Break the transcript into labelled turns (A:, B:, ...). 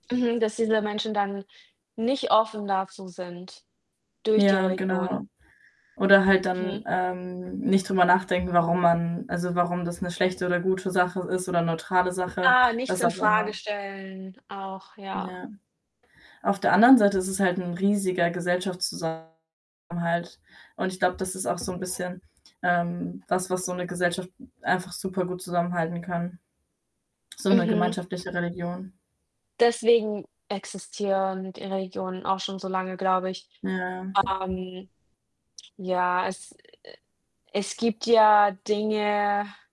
A: Mhm, dass diese Menschen dann nicht offen dazu sind durch die
B: Ja,
A: Religion.
B: genau oder halt dann,
A: Mhm.
B: ähm, nicht drüber nachdenken, warum man also, warum das 'ne schlechte oder gute Sache ist oder neutrale Sache,
A: Ah, nichts
B: was auch
A: infrage
B: immer.
A: stellen auch, ja.
B: Ja. Auf der anderen Seite ist es halt 'n riesiger Gesellschaftszusammenhalt und ich glaube, das ist auch so 'n bisschen, ähm, was was so 'ne Gesellschaft einfach supergut zusammenhalten kann so 'ne
A: Mhm.
B: gemeinschaftliche Religion.
A: Deswegen existieren die Regionen auch schon so lange, glaube ich.
B: Ja.
A: Ähm, ja, es es gibt ja Dinge